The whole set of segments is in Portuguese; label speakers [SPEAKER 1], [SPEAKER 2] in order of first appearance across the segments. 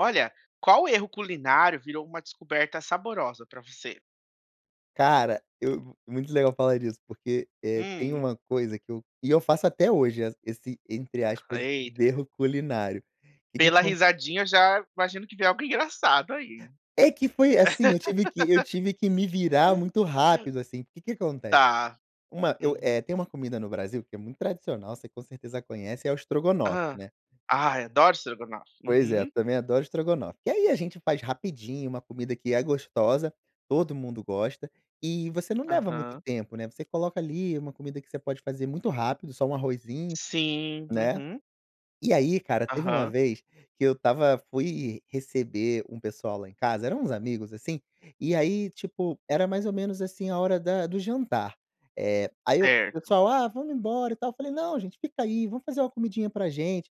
[SPEAKER 1] Olha, qual erro culinário virou uma descoberta saborosa pra você?
[SPEAKER 2] Cara, eu muito legal falar disso porque, eh, tem
[SPEAKER 1] Hum.
[SPEAKER 2] um coisa que eu e eu faço até hoje esse entre aspas
[SPEAKER 1] Eita.
[SPEAKER 2] erro culinário. O que que
[SPEAKER 1] Pela
[SPEAKER 2] acon
[SPEAKER 1] risadinha já imagino que vem algo engraçado aí.
[SPEAKER 2] É que foi assim, eu tive que eu tive que me virar muito rápido, assim, que que acontece
[SPEAKER 1] Tá.
[SPEAKER 2] uma eu é
[SPEAKER 1] Uhum.
[SPEAKER 2] tem uma comida no Brasil que é muito tradicional você com certeza conhece é o estrogonofe,
[SPEAKER 1] Hã.
[SPEAKER 2] né.
[SPEAKER 1] Ah, eu adoro estrogonofe.
[SPEAKER 2] Pois é, eu
[SPEAKER 1] Uhum.
[SPEAKER 2] também adoro estrogonofe, que aí a gente faz rapidinho, uma comida que é gostosa, todo mundo gosta e você não leva muito
[SPEAKER 1] Aham.
[SPEAKER 2] tempo, né. Você coloca ali uma comida que você pode fazer muito rápido, só um arrozinho
[SPEAKER 1] Sim,
[SPEAKER 2] né.
[SPEAKER 1] uhum.
[SPEAKER 2] E aí cara, teve uma
[SPEAKER 1] Aham.
[SPEAKER 2] vez, que eu estava fui receber um pessoal lá em casa, eram uns amigos, assim, e aí tipo, era mais ou menos assim a hora da do jantar. É, aí eu,
[SPEAKER 1] Certo.
[SPEAKER 2] pessoal: "Ah, vamos embora, e tal." Falei: "Não gente fica aí, vamos fazer uma comidinha pra gente."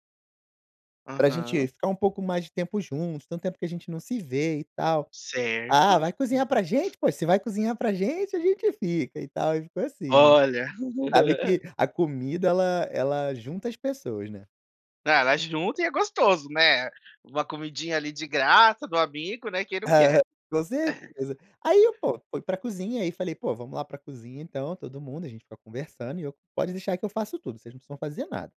[SPEAKER 2] "Pra gente
[SPEAKER 1] Aham.
[SPEAKER 2] ficar um pouco mais de tempo juntos, tanto tempo que a gente não se vê, e tal." "Ah,
[SPEAKER 1] Certo,
[SPEAKER 2] vai cozinhar
[SPEAKER 1] uhum.
[SPEAKER 2] pra gente poxa, se vai cozinhar pra gente a gente fica, e tal.", e foi assim, né.
[SPEAKER 1] Olha.
[SPEAKER 2] Sabe que a comida ela ela junta as pessoas, né.
[SPEAKER 1] Ah, ela junta e é gostoso, né? Uma comidinha ali de graça do amigo, né, quem não quer.
[SPEAKER 2] Com certeza. Aí eu pô, fui pra cozinha aí falei: "Pô vamos lá pra cozinha então todo mundo a gente fica conversando e eu pode deixar que eu faço tudo vocês não precisam fazer nada."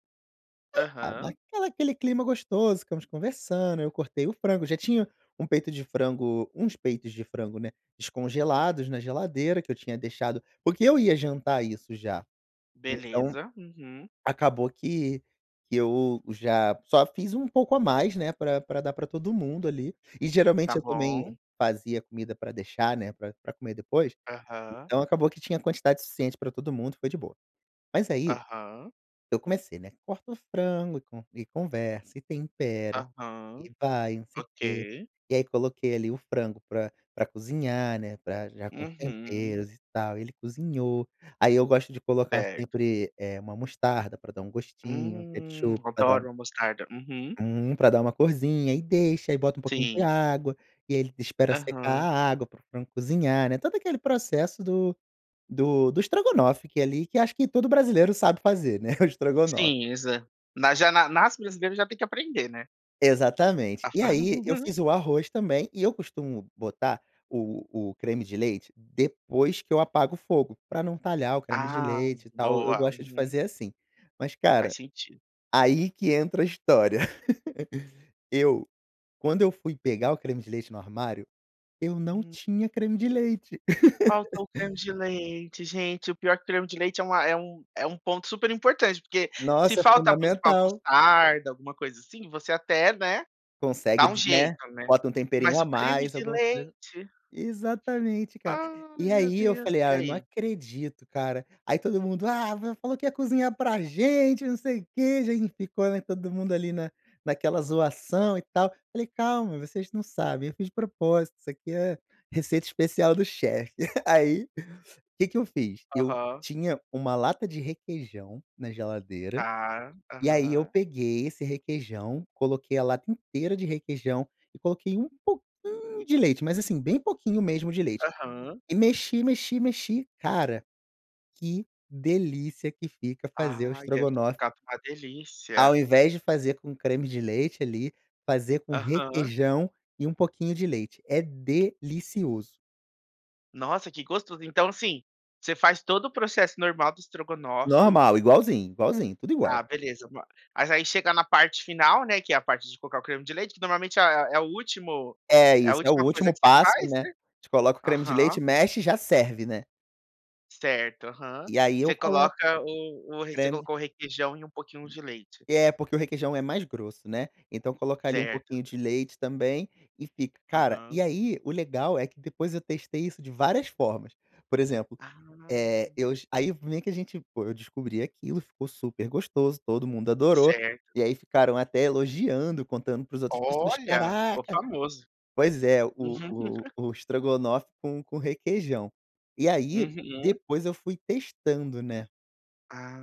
[SPEAKER 2] Aí tá,
[SPEAKER 1] Aham.
[SPEAKER 2] naquela aquele clima gostoso ficamos conversando eu cortei o frango, já tinha um peito de frango uns peitos de frango, né, descongelados na geladeira que eu tinha deixado porque eu ia jantar isso já. Então,
[SPEAKER 1] Beleza. Uhum.
[SPEAKER 2] acabou que que eu já só fiz um pouco a mais, né, pra pra dar pra todo mundo ali, e
[SPEAKER 1] Tá
[SPEAKER 2] geralmente eu também
[SPEAKER 1] bom.
[SPEAKER 2] fazia comida pra deixar né, pra pra comer depois,
[SPEAKER 1] Aham.
[SPEAKER 2] então acabou que tinha a quantidade suficiente pra todo mundo, foi de boa. Mas aí,
[SPEAKER 1] Aham.
[SPEAKER 2] eu comecei, né, corta o frango e conversa e tempera
[SPEAKER 1] Aham,
[SPEAKER 2] e vai não sei o quê
[SPEAKER 1] ok.
[SPEAKER 2] e aí coloquei ali o frango pra pra cozinhar, né, para já com os
[SPEAKER 1] Uhum.
[SPEAKER 2] temperos e tal ele cozinhou aí eu gosto de colocar
[SPEAKER 1] Certo.
[SPEAKER 2] sempre, eh, uma mostarda para dar um gostinho,
[SPEAKER 1] Hum,
[SPEAKER 2] ketchup dá para dar
[SPEAKER 1] adoro mostarda. Uhum.
[SPEAKER 2] uhum, pra dar uma corsinha e deixa e bota um pouquinho de
[SPEAKER 1] Sim.
[SPEAKER 2] água e ele espera secar
[SPEAKER 1] Aham.
[SPEAKER 2] a água para o frango cozinhar, né, todo aquele processo do do estrogonofe que ali que acho que todo brasileiro sabe fazer, né, o estrogonofe.
[SPEAKER 1] Sim, Exa Na já nasce brasileiro, já tem que aprender, né.
[SPEAKER 2] Exatamente e
[SPEAKER 1] [unintelligible]
[SPEAKER 2] aí eu fiz o arroz também e eu costumo botar o o creme de leite depois que eu apago o fogo para não talhar o creme de
[SPEAKER 1] Ah
[SPEAKER 2] leite e tal eu
[SPEAKER 1] boa.
[SPEAKER 2] gosto de
[SPEAKER 1] Uhum.
[SPEAKER 2] fazer assim. Mas
[SPEAKER 1] Faz
[SPEAKER 2] cara,
[SPEAKER 1] sentido.
[SPEAKER 2] aí que entra a história eu quando eu fui pegar o creme de leite no armário eu não
[SPEAKER 1] Hum.
[SPEAKER 2] tinha creme de leite.
[SPEAKER 1] Falta o creme de leite, gente. O pior que o creme de leite é um é um ponto super importante porque se
[SPEAKER 2] Nossa é
[SPEAKER 1] faltar, por exemplo, a
[SPEAKER 2] fundamental.
[SPEAKER 1] mostarda, alguma coisa assim, você até, né, dá
[SPEAKER 2] Consegue,
[SPEAKER 1] um
[SPEAKER 2] né,
[SPEAKER 1] jeito, né.
[SPEAKER 2] bota um temperinho
[SPEAKER 1] Mas
[SPEAKER 2] a
[SPEAKER 1] o creme
[SPEAKER 2] mais
[SPEAKER 1] de
[SPEAKER 2] alguma coisa,
[SPEAKER 1] leite
[SPEAKER 2] exatamente, cara
[SPEAKER 1] Ai
[SPEAKER 2] e
[SPEAKER 1] meu
[SPEAKER 2] aí eu
[SPEAKER 1] Deus,
[SPEAKER 2] falei
[SPEAKER 1] e
[SPEAKER 2] "Ah, eu não
[SPEAKER 1] aí?
[SPEAKER 2] acredito cara" aí todo mundo "Ah, você falou que ia cozinhar para gente não sei o que," já ficou, né, todo mundo ali na naquela zoação e tal falei "Calma, vocês não sabem eu fiz de propósito isso aqui é receita especial do chefe." Aí que que eu fiz eu
[SPEAKER 1] Aham.
[SPEAKER 2] tinha uma lata de requeijão na geladeira
[SPEAKER 1] Tá,
[SPEAKER 2] e aí eu
[SPEAKER 1] aham.
[SPEAKER 2] peguei esse requeijão coloquei a lata inteira de requeijão e coloquei um pouquinho de leite, mas assim, bem pouquinho mesmo de leite
[SPEAKER 1] Aham.
[SPEAKER 2] e mexi, mexi, mexi cara que delícia que fica fazer o
[SPEAKER 1] Ai deve ter
[SPEAKER 2] estrogonofe
[SPEAKER 1] ficado uma
[SPEAKER 2] ao
[SPEAKER 1] delícia.
[SPEAKER 2] invés de fazer com creme de leite ali fazer com
[SPEAKER 1] Aham.
[SPEAKER 2] requeijão e um pouquinho de leite, é delicioso.
[SPEAKER 1] Nossa, que gostoso. Então assim, você faz todo o processo normal do estrogonofe
[SPEAKER 2] Normal, igualzinho, igualzinho, tudo igual.
[SPEAKER 1] Ah, beleza, mas mas aí chega na parte final, né, que é a parte de colocar o creme de leite que normalmente é o último
[SPEAKER 2] É
[SPEAKER 1] é a
[SPEAKER 2] isso, é o
[SPEAKER 1] última coisa
[SPEAKER 2] último
[SPEAKER 1] que você
[SPEAKER 2] passo,
[SPEAKER 1] faz,
[SPEAKER 2] né, a
[SPEAKER 1] né?
[SPEAKER 2] gente coloca o creme de leite,
[SPEAKER 1] Aham.
[SPEAKER 2] mexe e já serve, né.
[SPEAKER 1] Certo, aham.
[SPEAKER 2] E aí, eu
[SPEAKER 1] Você
[SPEAKER 2] coloco
[SPEAKER 1] coloca o o você
[SPEAKER 2] creme.
[SPEAKER 1] colocou requeijão e pouquinho de leite?
[SPEAKER 2] É, porque o requeijão é mais grosso, né? Então coloca ali um
[SPEAKER 1] Certo.
[SPEAKER 2] pouquinho de leite também e fica cara, e
[SPEAKER 1] Aham.
[SPEAKER 2] aí, o legal é que depois eu testei isso de várias formas, por exemplo, eh,
[SPEAKER 1] Ah.
[SPEAKER 2] eus aí, vem que a gente pô, eu descobri aquilo, ficou super gostoso. Todo mundo adorou,
[SPEAKER 1] Certo.
[SPEAKER 2] e aí, ficaram até elogiando, contando para as outros pessoas.
[SPEAKER 1] Olha, ficou
[SPEAKER 2] "Caraca".
[SPEAKER 1] famoso.
[SPEAKER 2] Pois é, o
[SPEAKER 1] Uhum,
[SPEAKER 2] o
[SPEAKER 1] uhum.
[SPEAKER 2] o estrogonofe com com requeijão. E aí,
[SPEAKER 1] Uhum.
[SPEAKER 2] depois, eu fui testando, né?
[SPEAKER 1] Ah,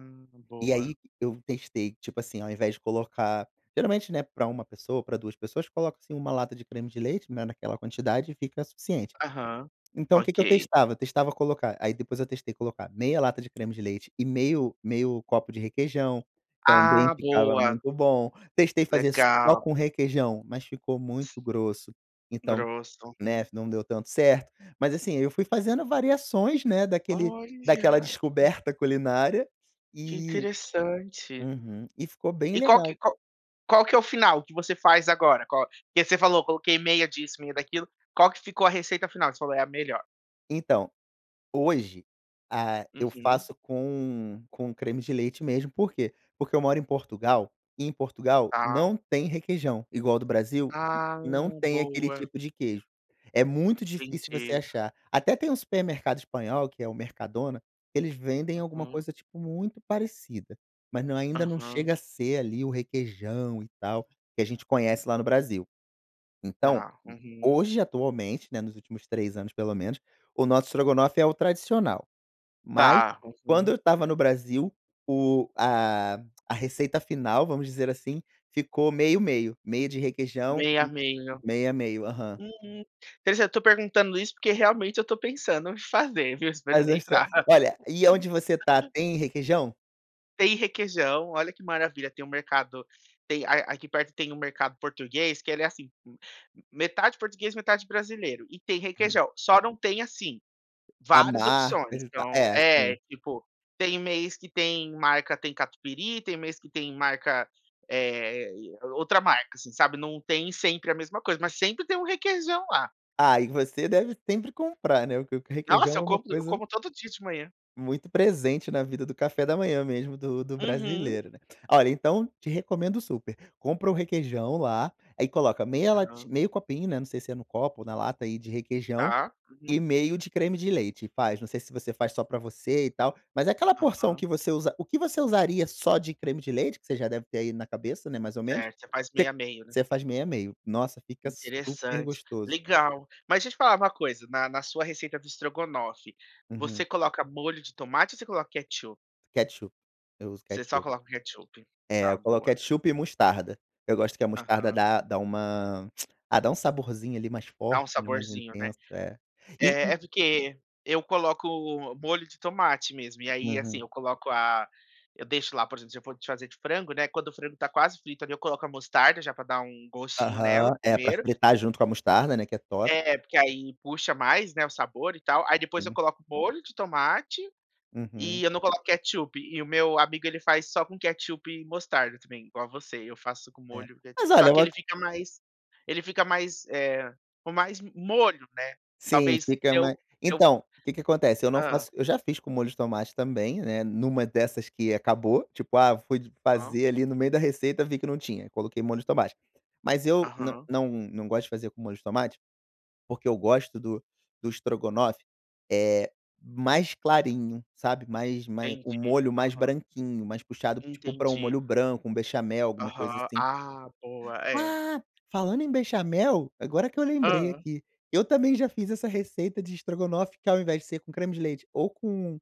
[SPEAKER 2] E
[SPEAKER 1] boa.
[SPEAKER 2] aí, eu testei, tipo assim, ao invés de colocar geralmente, né, para 1 pessoa, para 2 pessoas, coloca, assim, 1 lata de creme de leite, né, naquela quantidade e fica suficiente.
[SPEAKER 1] Aham.
[SPEAKER 2] Então o que que eu
[SPEAKER 1] Ok.
[SPEAKER 2] testava? Testava colocar, aí, depois eu testei colocar meia lata de creme de leite e meio meio copo de requeijão, também
[SPEAKER 1] Ah,
[SPEAKER 2] ficava
[SPEAKER 1] boa.
[SPEAKER 2] muito bom. Testei fazer só
[SPEAKER 1] Legal.
[SPEAKER 2] com requeijão, mas ficou muito grosso. Então,
[SPEAKER 1] Grosso, uhum.
[SPEAKER 2] né, não deu tanto certo, mas, assim, eu fui fazendo variações, né, daquele daquela
[SPEAKER 1] Olha.
[SPEAKER 2] descoberta culinária
[SPEAKER 1] Que
[SPEAKER 2] e
[SPEAKER 1] interessante.
[SPEAKER 2] uhum, e ficou bem
[SPEAKER 1] E qual
[SPEAKER 2] legal.
[SPEAKER 1] que qual que é o final que você faz agora? Qual que você falou, coloquei meia disso, meia daquilo. Qual que ficou a receita final, que você falou é a melhor?
[SPEAKER 2] Então, hoje, ah, eu
[SPEAKER 1] Uhum.
[SPEAKER 2] faço com com creme de leite mesmo. Por quê? Porque eu moro em Portugal e, em Portugal,
[SPEAKER 1] Tá.
[SPEAKER 2] não tem requeijão igual do Brasil.
[SPEAKER 1] Ah,
[SPEAKER 2] Não tem aquele
[SPEAKER 1] boa.
[SPEAKER 2] tipo de queijo. É muito difícil você
[SPEAKER 1] Entendi.
[SPEAKER 2] achar. Até tem um supermercado espanhol, que é o Mercadona, eles vendem alguma
[SPEAKER 1] Uhum.
[SPEAKER 2] coisa, tipo, muito parecida, mas, não, ainda não
[SPEAKER 1] Uhum.
[SPEAKER 2] chega a ser ali o requeijão e tal, que a gente conhece lá no Brasil. Então
[SPEAKER 1] Tá, uhum.
[SPEAKER 2] hoje, atualmente, né, nos últimos 3 anos pelo menos, o nosso estrogonofe é o tradicional, mas
[SPEAKER 1] Tá,
[SPEAKER 2] quando eu
[SPEAKER 1] uhum.
[SPEAKER 2] estava no Brasil o a a receita final, vamos dizer assim, ficou meio meio. Meia de requeijão
[SPEAKER 1] Meia, meio.
[SPEAKER 2] meia, meio. Aham.
[SPEAKER 1] Uhum. Quer dizer, eu tô perguntando isso, porque realmente eu tô pensando em fazer, viu,
[SPEAKER 2] Mas é estra
[SPEAKER 1] experimentar.
[SPEAKER 2] olha, e aonde você tá, tem requeijão?
[SPEAKER 1] Tem requeijão, olha que maravilha, tem um mercado tem a aqui perto tem um mercado português, que ele é assim, m m metade português, metade brasileiro, e tem
[SPEAKER 2] Uhum.
[SPEAKER 1] requeijão, só não tem, assim,
[SPEAKER 2] A
[SPEAKER 1] várias
[SPEAKER 2] marca,
[SPEAKER 1] opções.
[SPEAKER 2] junta
[SPEAKER 1] Então,
[SPEAKER 2] é
[SPEAKER 1] é,
[SPEAKER 2] assim.
[SPEAKER 1] tipo, tem mês que tem marca, tem catupiry, tem mês que tem marca, eh eh é o outra marca assim, sabe, não tem sempre a mesma coisa, mas sempre tem um requeijão lá.
[SPEAKER 2] Ah, e você deve sempre comprar, né, porque o
[SPEAKER 1] Nossa,
[SPEAKER 2] requeijão
[SPEAKER 1] eu
[SPEAKER 2] é uma
[SPEAKER 1] como eu
[SPEAKER 2] coisa
[SPEAKER 1] como todo dia de manhã.
[SPEAKER 2] muito presente na vida do café da manhã mesmo do do
[SPEAKER 1] Uhum.
[SPEAKER 2] brasileiro, né. Olha, então te recomendo super, compra o requeijão lá, aí coloca meia
[SPEAKER 1] Aham.
[SPEAKER 2] lati meio copinho, né, não sei se é no copo ou na lata aí de requeijão,
[SPEAKER 1] Tá.
[SPEAKER 2] e
[SPEAKER 1] Uhum.
[SPEAKER 2] meio de creme de leite e faz. Não sei se você faz só pra você e tal, mas é aquela porção
[SPEAKER 1] Aham.
[SPEAKER 2] que você usa o que você usaria só de creme de leite, que você já deve ter aí na cabeça, né, mais ou menos,
[SPEAKER 1] Certo, você faz
[SPEAKER 2] se
[SPEAKER 1] meio a meio, né?
[SPEAKER 2] você faz meio a meio. Nossa, fica super
[SPEAKER 1] Interessante.
[SPEAKER 2] gostoso.
[SPEAKER 1] Legal. Mas deixa eu te falar uma coisa, na na sua receita do estrogonofe, você
[SPEAKER 2] Uhum.
[SPEAKER 1] coloca molho de tomate ou você coloca ketchup?
[SPEAKER 2] Ketchup, eu uso
[SPEAKER 1] Você só
[SPEAKER 2] ketchup.
[SPEAKER 1] coloca o ketchup.
[SPEAKER 2] É,
[SPEAKER 1] Tá,
[SPEAKER 2] eu coloco
[SPEAKER 1] boa.
[SPEAKER 2] ketchup e mostarda. Eu gosto que a mostarda
[SPEAKER 1] Aham.
[SPEAKER 2] dá dá uma, ah, dá um saborzinho ali mais
[SPEAKER 1] Dá
[SPEAKER 2] forte,
[SPEAKER 1] um
[SPEAKER 2] né, mais
[SPEAKER 1] saborzinho, né.
[SPEAKER 2] intenso, é. E
[SPEAKER 1] É
[SPEAKER 2] o
[SPEAKER 1] é, porque eu coloco molho de tomate mesmo e aí, assim,
[SPEAKER 2] Aham.
[SPEAKER 1] eu coloco a eu deixo lá, por exemplo, se eu for te fazer de frango, né, quando o frango está quase frito ali eu coloco a mostarda, já pra dar um gostinho
[SPEAKER 2] Aham.
[SPEAKER 1] nela
[SPEAKER 2] É pra
[SPEAKER 1] primeiro
[SPEAKER 2] fritar junto com a mostarda, né, que é top.
[SPEAKER 1] É, porque aí puxa mais, né, o sabor e tal, aí depois eu
[SPEAKER 2] Sim.
[SPEAKER 1] coloco molho de tomate,
[SPEAKER 2] Uhum.
[SPEAKER 1] e eu não coloco ketchup, e o meu amigo ele faz só com ketchup e mostarda também, igual a você, eu faço com
[SPEAKER 2] É,
[SPEAKER 1] molho, d
[SPEAKER 2] mas
[SPEAKER 1] só
[SPEAKER 2] olha eu
[SPEAKER 1] que ele
[SPEAKER 2] ato
[SPEAKER 1] fica mais ele fica mais, eh, com mais mo molho, né,
[SPEAKER 2] Sim,
[SPEAKER 1] talvez
[SPEAKER 2] fica ma
[SPEAKER 1] eu eu
[SPEAKER 2] então, o que que acontece, eu não
[SPEAKER 1] Hã.
[SPEAKER 2] faço eu já fiz com molho de tomate também, né, numa dessas que acabou, tipo, ah eu fui de
[SPEAKER 1] Hã.
[SPEAKER 2] fazer ali no meio da receita vi que não tinha, coloquei molho de tomate, mas eu não
[SPEAKER 1] Aham.
[SPEAKER 2] não não gosto de fazer com molho de tomate, porque eu gosto do do estrogonofe, eh, mais clarinho, sabe, mais mais o
[SPEAKER 1] Entendi.
[SPEAKER 2] molho mais
[SPEAKER 1] Aham.
[SPEAKER 2] branquinho, mais puxado tipo, pra um
[SPEAKER 1] Entendi.
[SPEAKER 2] molho branco, um bechamel, alguma coisa
[SPEAKER 1] Aham.
[SPEAKER 2] assim.
[SPEAKER 1] Ah boa, é.
[SPEAKER 2] Ah, falando em bechamel, agora que eu lembrei
[SPEAKER 1] Hã.
[SPEAKER 2] aqui, eu também já fiz essa receita de estrogonofe que, ao invés de ser com creme de leite ou com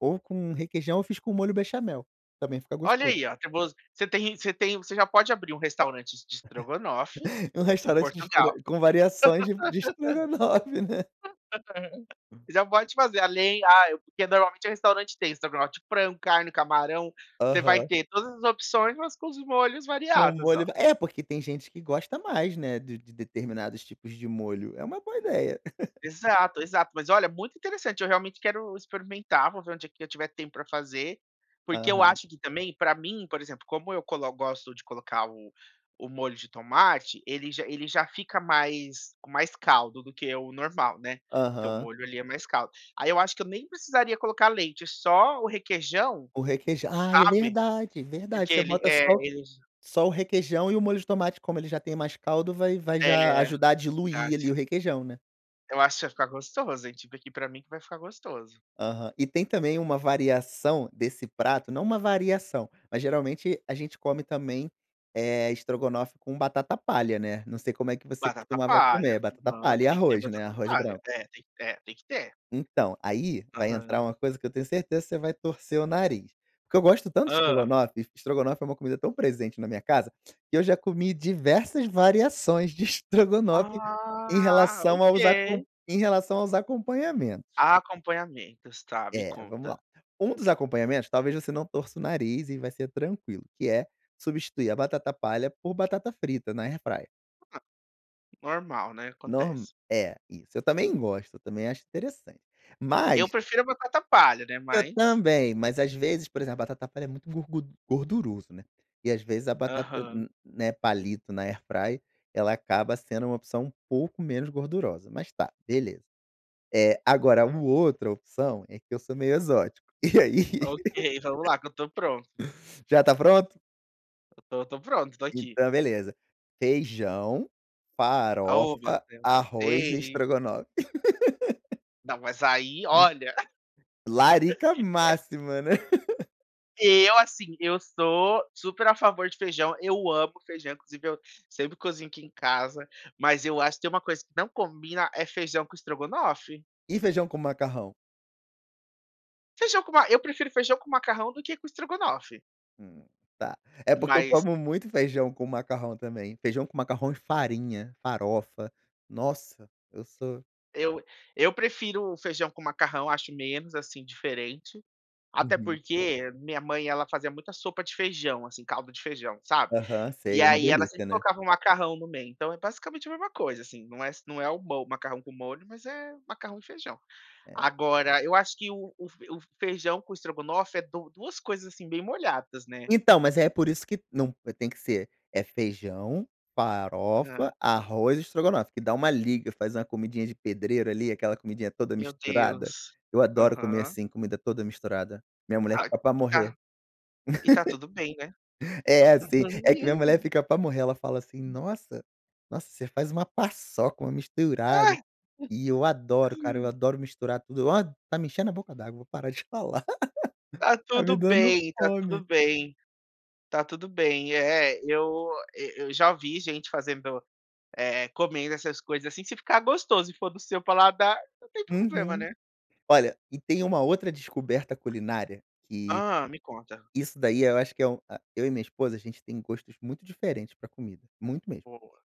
[SPEAKER 2] ou com requeijão, eu fiz com molho bechamel, também fica
[SPEAKER 1] Olha
[SPEAKER 2] gostoso.
[SPEAKER 1] aí, ó, acabou-se você tem você tem você já pode abrir um restaurante de es de estrogonofe,
[SPEAKER 2] E o
[SPEAKER 1] em
[SPEAKER 2] restaurante de estro
[SPEAKER 1] Portugal.
[SPEAKER 2] com variações de de estrogonofe, né.
[SPEAKER 1] Já pode fazer além, ah, porque normalmente o restaurante tem estrogonofe de frango, carne, camarão, você vai
[SPEAKER 2] Aham.
[SPEAKER 1] ter todas as opções, mas com os molhos
[SPEAKER 2] Com
[SPEAKER 1] variados,
[SPEAKER 2] molho
[SPEAKER 1] ó.
[SPEAKER 2] va é, porque tem gente que gosta mais, né, de de de determinados tipos de molho, é uma boa ideia.
[SPEAKER 1] Exato, exato. Mas olha, muito interessante, eu realmente quero experimentar, vou ver um dia que eu tiver tempo pra fazer, porque eu
[SPEAKER 2] Aham.
[SPEAKER 1] acho que também pra mim, por exemplo, como eu colo gosto de colocar o o molho de tomate, ele já ele já fica mais com mais caldo do que o normal, né, porque o
[SPEAKER 2] Aham.
[SPEAKER 1] molho, ele é mais caldo, aí eu acho que eu nem precisaria colocar leite, só o requeijão,
[SPEAKER 2] O requeijã ah, é
[SPEAKER 1] sabe,
[SPEAKER 2] verdade, verdade,
[SPEAKER 1] porque
[SPEAKER 2] você
[SPEAKER 1] ele,
[SPEAKER 2] bota
[SPEAKER 1] eh,
[SPEAKER 2] só o
[SPEAKER 1] ele j
[SPEAKER 2] só o requeijão e o molho de tomate, como ele já tem mais caldo, vai vai já
[SPEAKER 1] É.
[SPEAKER 2] ajudar a
[SPEAKER 1] Verdade.
[SPEAKER 2] diluir ali o requeijão, né.
[SPEAKER 1] Eu acho que vai ficar gostoso, tive aqui pra mim, que vai ficar gostoso.
[SPEAKER 2] Aham. E tem também uma variação desse prato, não uma variação, mas geralmente a gente come também, eh, estrogonofe com batata palha, né, não sei como é que você
[SPEAKER 1] Batata
[SPEAKER 2] costumava
[SPEAKER 1] palha.
[SPEAKER 2] comer, batata
[SPEAKER 1] Exato,
[SPEAKER 2] palha e
[SPEAKER 1] tem que ter a
[SPEAKER 2] arroz, né,
[SPEAKER 1] batata
[SPEAKER 2] arroz
[SPEAKER 1] palha,
[SPEAKER 2] branco.
[SPEAKER 1] é tem é tem que ter.
[SPEAKER 2] Então, aí, vai entrar
[SPEAKER 1] Aham.
[SPEAKER 2] uma coisa que eu tenho certeza que você vai torcer o nariz, que eu gosto tanto de
[SPEAKER 1] Hã.
[SPEAKER 2] estrogonofe, e estrogonofe é uma comida tão presente na minha casa, que eu já comi diversas variações de estrogonofe, em
[SPEAKER 1] Ah,
[SPEAKER 2] relação aos acom
[SPEAKER 1] ok.
[SPEAKER 2] em relação aos acompanhamentos.
[SPEAKER 1] Acompanhamentos, tá, me
[SPEAKER 2] É, vamos lá.
[SPEAKER 1] conta.
[SPEAKER 2] Um dos acompanhamentos, talvez, você não torça o nariz e vai ser tranquilo, que é substituir a batata palha por batata frita na AirFryer.
[SPEAKER 1] Ah, Normal, né,
[SPEAKER 2] Nor
[SPEAKER 1] acontece.
[SPEAKER 2] é, isso, eu também gosto, também acho interessante,
[SPEAKER 1] Eu
[SPEAKER 2] mas
[SPEAKER 1] prefiro batata palha, né,
[SPEAKER 2] eu
[SPEAKER 1] mas
[SPEAKER 2] também, mas, às vezes, por exemplo, a batata palha é muito gorgud gorduroso, né, e, às vezes, a batata
[SPEAKER 1] Aham.
[SPEAKER 2] n né palito na AirFryer, ela acaba sendo uma opção um pouco menos gordurosa, mas tá, beleza. Eh, agora um outro opção é que eu sou meio exótico e aí.
[SPEAKER 1] Ok, vamos lá, que eu tô pronto.
[SPEAKER 2] Já tá pronto?
[SPEAKER 1] Eu tô tô pronto, tô aqui.
[SPEAKER 2] Então, beleza, feijão,
[SPEAKER 1] Ah, ô meu
[SPEAKER 2] farofa,
[SPEAKER 1] Deus.
[SPEAKER 2] arroz e
[SPEAKER 1] Ei
[SPEAKER 2] estrogonofe.
[SPEAKER 1] Não, mas aí, olha.
[SPEAKER 2] Larica máxima, né.
[SPEAKER 1] Eu, assim, eu sou super a favor de feijão, eu amo feijão, inclusive eu sempre cozinho aqui em casa, mas eu acho que tem uma coisa que não combina é feijão com estrogonofe.
[SPEAKER 2] E feijão com macarrão?
[SPEAKER 1] Feijão com ma eu prefiro feijão com macarrão do que com estrogonofe.
[SPEAKER 2] Hum, tá. É porque eu
[SPEAKER 1] Mas
[SPEAKER 2] como muito feijão com macarrão também, feijão com macarrão e farinha, farofa. Nossa eu sou
[SPEAKER 1] eu eu prefiro feijão com macarrão, acho menos, assim, diferente, até
[SPEAKER 2] Uhum.
[SPEAKER 1] porque a minha mãe, ela fazia muita sopa de feijão, assim, caldo de feijão, sabe.
[SPEAKER 2] Aham,
[SPEAKER 1] E
[SPEAKER 2] sei. É uma
[SPEAKER 1] aí, ela
[SPEAKER 2] delicia,
[SPEAKER 1] sempre
[SPEAKER 2] né.
[SPEAKER 1] colocava um macarrão no meio, então, é basicamente a mesma coisa, assim, não é se não é o mo macarrão com molho, mas é macarrão e feijão.
[SPEAKER 2] É.
[SPEAKER 1] Agora eu acho que o o f o feijão com estrogonofe é du 2 coisas assim bem molhadas, né.
[SPEAKER 2] Então, mas é por isso que não eh, tem que ser, é feijão,
[SPEAKER 1] Não.
[SPEAKER 2] farofa, arroz e estrogonofe, que dá uma liga, faz uma comidinha de pedreiro ali, aquela comidinha toda
[SPEAKER 1] Meu
[SPEAKER 2] misturada,
[SPEAKER 1] Deus.
[SPEAKER 2] eu adoro comer
[SPEAKER 1] Aham.
[SPEAKER 2] assim, comida toda misturada, minha mulher
[SPEAKER 1] Ai
[SPEAKER 2] fica pra
[SPEAKER 1] e tá
[SPEAKER 2] morrer.
[SPEAKER 1] e tá tudo bem, né.
[SPEAKER 2] É, assim, é que minha mulher fica pra morrer, ela fala assim: “Nossa nossa você faz uma paçoca, uma misturada”, e eu adoro cara, eu adoro misturar tudo. Ó, tá me enchendo a boca d'água, vou parar de falar,
[SPEAKER 1] Tá
[SPEAKER 2] tá
[SPEAKER 1] tudo
[SPEAKER 2] me dando
[SPEAKER 1] bem, tá tudo
[SPEAKER 2] fome.
[SPEAKER 1] bem. Tá tudo bem. É é, eu e eu já ouvi gente fazendo, eh, comendo essas coisas assim, se ficar gostoso e for do seu paladar, não tem problema,
[SPEAKER 2] Uhum.
[SPEAKER 1] né.
[SPEAKER 2] Olha, e tem uma outra descoberta culinária, que,
[SPEAKER 1] Ah, me conta.
[SPEAKER 2] isso daí eu acho que é um a eu e minha esposa, a gente tem gostos muito diferentes pra comida, muito mesmo,
[SPEAKER 1] Boa.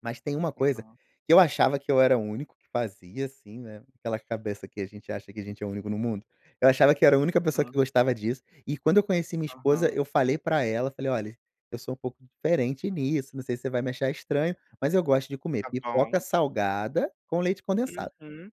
[SPEAKER 2] mas tem uma coisa
[SPEAKER 1] Aham.
[SPEAKER 2] que eu achava que eu era o único que fazia, assim, né, aquela cabeça que a gente acha que a gente é o único no mundo. Eu achava que era a única pessoa
[SPEAKER 1] Hã.
[SPEAKER 2] que gostava disso, e quando eu conheci minha esposa,
[SPEAKER 1] Aham.
[SPEAKER 2] eu falei pra ela, falei: “Olhe, eu sou pouco diferente nisso, não sei se você vai me achar estranho, mas eu gosto de comer
[SPEAKER 1] Tá
[SPEAKER 2] pipoca
[SPEAKER 1] bom.
[SPEAKER 2] salgada com leite condensado”.
[SPEAKER 1] Uhum.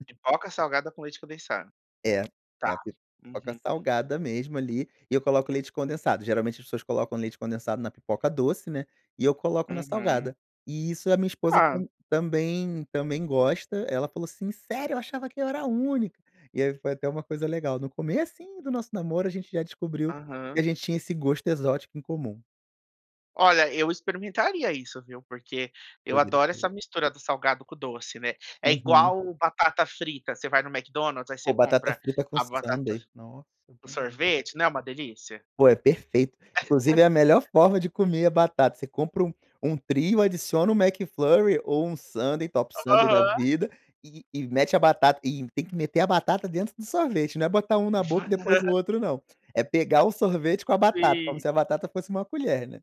[SPEAKER 1] Pipoca salgada com leite condensado.
[SPEAKER 2] É, é
[SPEAKER 1] Tá.
[SPEAKER 2] a pipoca
[SPEAKER 1] Uhum.
[SPEAKER 2] salgada mesmo ali, eu coloco leite condensado, geralmente as pessoas colocam leite condensado na pipoca doce, né, e eu coloco na
[SPEAKER 1] Uhum.
[SPEAKER 2] salgada, e isso a minha esposa
[SPEAKER 1] Hã.
[SPEAKER 2] tam também também gosta, ela falou assim: “Sério? Eu achava que era a única”, e aí foi até uma coisa legal, no comecinho do nosso namoro, a gente já descobriu que
[SPEAKER 1] Aham.
[SPEAKER 2] a gente tinha esse gosto exótico em comum.
[SPEAKER 1] Olha, eu experimentaria isso, viu, porque eu
[SPEAKER 2] Poderia
[SPEAKER 1] adoro
[SPEAKER 2] ser.
[SPEAKER 1] essa mistura do salgado com doce, né. É
[SPEAKER 2] Uhum.
[SPEAKER 1] igual batata frita, você vai no McDonald's, aí você
[SPEAKER 2] Pô, batata
[SPEAKER 1] compra
[SPEAKER 2] frita com
[SPEAKER 1] a batata fr
[SPEAKER 2] sundae, nossa é
[SPEAKER 1] o
[SPEAKER 2] uma delicia.
[SPEAKER 1] sorvete, não é uma delícia?
[SPEAKER 2] Pô, é perfeito. Inclusive, é a melhor forma de comer a batata, você compra um um trio, adiciona o McFlurry ou um sundae, top sundae da
[SPEAKER 1] Aham.
[SPEAKER 2] vida e e mete a batata, e tem que meter a batata dentro do sorvete, não é um botar na boca e depois o
[SPEAKER 1] Aham.
[SPEAKER 2] outro não, é
[SPEAKER 1] Ah,
[SPEAKER 2] pegar o sorvete com a batata, como
[SPEAKER 1] Sim.
[SPEAKER 2] se a batata fosse uma colher, né.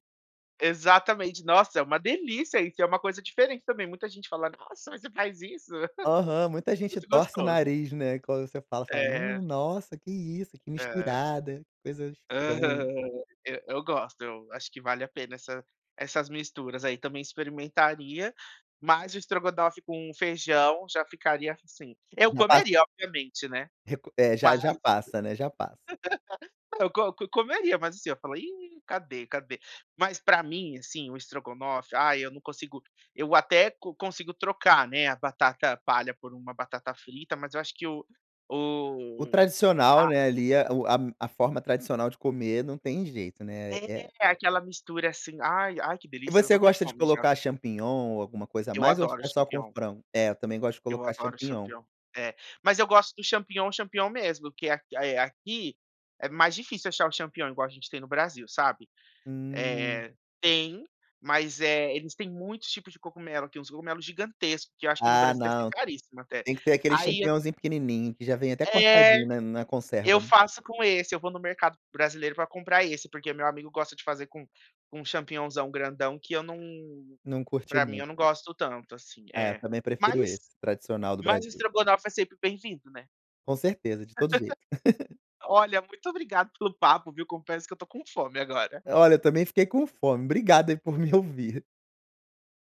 [SPEAKER 1] Exatamente, nossa, é uma delícia isso, é uma coisa diferente também, muita gente fala: “Nossa, você faz isso?”,
[SPEAKER 2] Aham, muita gente
[SPEAKER 1] Muito
[SPEAKER 2] torce o
[SPEAKER 1] gostoso.
[SPEAKER 2] nariz, né, quando você fala, falam: “Hum,
[SPEAKER 1] É.
[SPEAKER 2] nossa, que isso? que
[SPEAKER 1] É.
[SPEAKER 2] misturada, que coisa estranha".
[SPEAKER 1] Aham. E eu gosto, eu acho que vale a pena essa essas misturas, aí, também experimentaria, mas o estrogonofe com feijão, já ficaria assim. Eu
[SPEAKER 2] Na pas
[SPEAKER 1] comeria, obviamente, né,
[SPEAKER 2] Reco é, já
[SPEAKER 1] mas
[SPEAKER 2] já passa, né, já passa.
[SPEAKER 1] eu co co comeria, mas assim, eu falo: “Ih, cadê, cadê?”. Mas, pra mim, assim, o estrogonofe, ai eu não consigo eu até co consigo trocar, né, a batata palha por uma batata frita, mas eu acho que o
[SPEAKER 2] O
[SPEAKER 1] o
[SPEAKER 2] tradicional,
[SPEAKER 1] a
[SPEAKER 2] né, ali, eh, o a a forma tradicional de comer, não tem jeito, né, é
[SPEAKER 1] É, aquela mistura assim, ai ai que
[SPEAKER 2] E
[SPEAKER 1] delícia, eu
[SPEAKER 2] você
[SPEAKER 1] estou com
[SPEAKER 2] gosta de
[SPEAKER 1] fome, já.
[SPEAKER 2] colocar champignon, ou alguma coisa a
[SPEAKER 1] Eu
[SPEAKER 2] mais ou
[SPEAKER 1] adoro o
[SPEAKER 2] é só com
[SPEAKER 1] champignon.
[SPEAKER 2] frango? É, eu também gosto de
[SPEAKER 1] Eu
[SPEAKER 2] colocar
[SPEAKER 1] adoro o
[SPEAKER 2] champignon.
[SPEAKER 1] champignon. É, mas eu gosto do champignon, champignon mesmo, que é a é aqui é mais difícil achar o champignon, igual a gente tem no Brasil, sabe.
[SPEAKER 2] Hum.
[SPEAKER 1] Eh, tem, mas é eles tem muitos tipos de cogumelo, tem uns cogumelos gigantescos, que eu acho que no
[SPEAKER 2] Ah
[SPEAKER 1] Brasil deve ser
[SPEAKER 2] não,
[SPEAKER 1] caríssimos até.
[SPEAKER 2] tem que ter aquele
[SPEAKER 1] Aí eu
[SPEAKER 2] championzinho pequenininho, que já vem até
[SPEAKER 1] É.
[SPEAKER 2] cortadinho, né, na conserva.
[SPEAKER 1] Eu faço com esse, eu vou no mercado brasileiro pra comprar esse, porque meu amigo gosta de fazer com com champignonzão grandão, que eu não
[SPEAKER 2] Não curti
[SPEAKER 1] pra mim
[SPEAKER 2] muito.
[SPEAKER 1] eu não gosto tanto, assim.
[SPEAKER 2] É,
[SPEAKER 1] É,
[SPEAKER 2] também prefiro esse,
[SPEAKER 1] mas
[SPEAKER 2] tradicional do
[SPEAKER 1] mas o
[SPEAKER 2] Brasil.
[SPEAKER 1] estrogonofe é sempre bem-vindo, né.
[SPEAKER 2] Com certeza, de todo jeito.
[SPEAKER 1] Olha, muito obrigado pelo papo, viu. Confesso que eu tô com fome agora.
[SPEAKER 2] Olha, eu também fiquei com fome, obrigado aí, por me ouvir.